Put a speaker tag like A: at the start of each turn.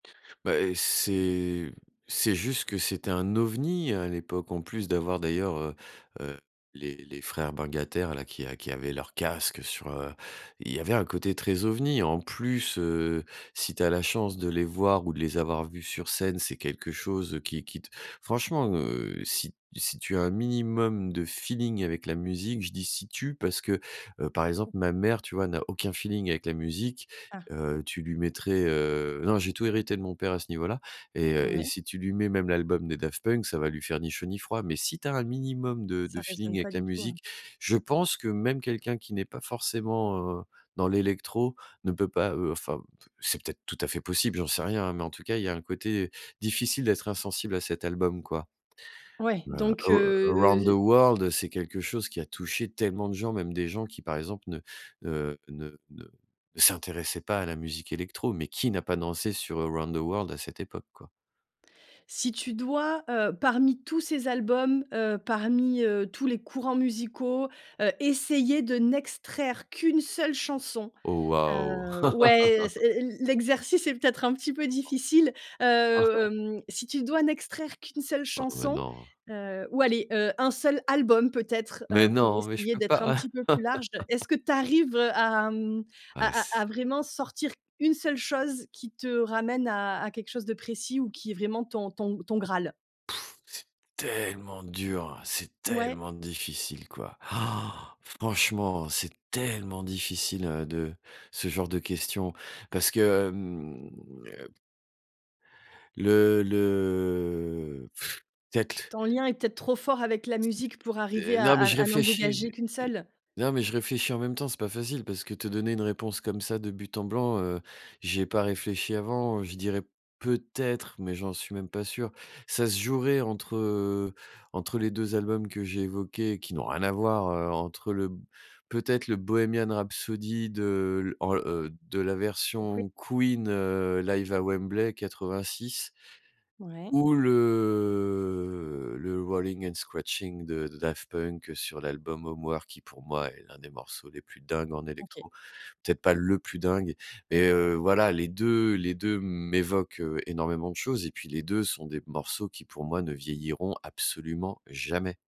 A: Bah et c'est c'est juste que c'était un ovni à l'époque, en plus d'avoir d'ailleurs, heu heu, les les frères bungataires là qui qui avaient leur casque sur, heu, il y avait un côté très ovni. En plus, heu, si tu as la chance de les voir ou de les avoir vu sur scène. C'est quelque chose qui qui t franchement, heu, si t si tu as un minimum de feeling avec la musique, je dis: «Si tu», parce que, heu, par exemple, ma mère, tu vois, n'a aucun feeling avec la musique.
B: Ah.
A: Heu, tu lui mettrais, heu, non j'ai tout hérité de mon père à ce niveau là, et heu, et
B: Ouais.
A: si tu lui mets même l'album des Daft Punk, ça va lui faire ni chaud ni froid, mais si tu as un minimum de
B: Ça
A: de feeling
B: raisonne pas
A: avec la
B: du tout, heu
A: musique, je pense que même quelqu'un qui n'est pas forcément, heu, dans l'électro, ne peut pas, heu, enfin c'est peut-être tout à fait possible, j'en sais rien hein, mais en tout cas, il y un côté difficile d'être insensible à cet album quoi.
B: Ouais
A: A
B: donc,
A: arou
B: heu,
A: Around the
B: j'i
A: World, c'est quelque chose qui a touché tellement de gens. Même des gens qui, par exemple, ne, heu, ne ne ne s'intéressaient pas à la musique électro, mais qui n'a pas dansé sur Around the World à cette époque, quoi?
B: Si tu dois, heu, parmi tous ces albums, heu, parmi, heu, tous les courants musicaux, heu, essayer de n'extraire qu'1 seule chanson,
A: Oh waouh.
B: heu, ouais, c l'exercice est peut-être un petit peu difficile. Heu heu, mmh, si tu dois n'extraire qu'1 seule
A: Oh mais
B: chanson,
A: non.
B: heu, ou aller, heu, un seul album peut-être,
A: Mais
B: heu, pour
A: non, mais je
B: essayer
A: peux
B: d'être un
A: pas.
B: petit peu plus large. Est-ce que tu arrives, heu, à mmh,
A: Ah
B: à à
A: s
B: à vraiment sortir 1 seule chose, qui te ramène à à quelque chose de précis, ou qui est vraiment ton ton ton graal?
A: C'est tellement dur, c'est
B: Ouais.
A: tellement difficile quoi. Franchement, c'est tellement difficile, heu, de ce genre de questions, parce que, mmh Le le, peut-être
B: Ton lien est peut-être trop fort avec la musique pour arriver
A: d
B: à
A: non, mais
B: à
A: je
B: à n'en
A: réfléchis.
B: dégager qu'1 seule?
A: Non, mais je réfléchis en même temps, c'est pas facile parce que te donner une réponse comme ça de but en blanc, heu, j'y ai pas réfléchi avant, heu, je dirais peut-être, mais j'en suis même pas sûr. Ça se jouerait entre, heu, entre les 2 albums que j'ai évoqués et qui n'ont rien à voir, heu, entre eux. Le peut-être le Bohémien rhapsody de, l en de la
B: Donc oui.
A: version Queen, heu, live à Wembley 86
B: Ouais.
A: ou le le Rollin' and scratchin' de Daft Punk sur l'album Homework. Qui pour moi est l'un des morceaux les plus dingues en
B: OK.
A: électro. Peut-être pas le plus dingue, mais, heu, voilà, les 2 les 2 m'évoquent, heu, énormément de choses, et puis les 2 sont des morceaux qui pour moi, ne vieilliront absolument jamais.